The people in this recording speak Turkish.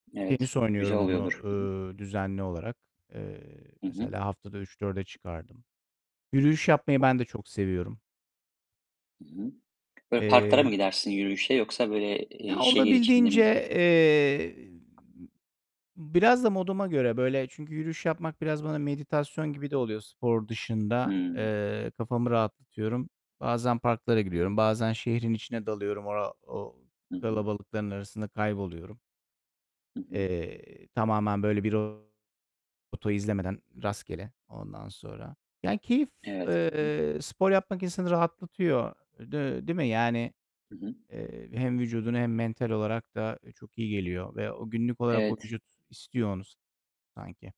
Evet, Tenis güzel oynuyorum onu, oluyordur. Hı hı. ııı, düzenli olarak. Eee, Hı hı. mesela haftada 3-4'e çıkardım. Yürüyüş yapmayı ben de çok seviyorum. I hı. Böyle, parklara mı Eee gidersin yürüyüşe yoksa, böyle, Ya, eee, şehir içinde mi? olabildiğince, eee, biraz da moduma göre, böyle. Çünkü yürüyüş yapmak biraz bana meditasyon gibi de oluyor spor dışında. Hıı. Eee, kafamı rahatlatıyorum. Bazen parklara Hı hı. giriyorum. Bazen şehrin içine dalıyorum. Ora o Hı hı. kalabalıkların arasında kayboluyorum. Hı hı. Eee, tamamen böyle bir rota izlemeden, rastgele. Ondan sonra, yani keyif, Evet. Hı hı. eee, spor yapmak insanı rahatlatıyor. D değil mi yani? Hı hı. Eee, hem vücuduna hem mental olarak da çok iyi geliyor. Ve o günlük olarak o Evet. vücut istiyor onu sanki.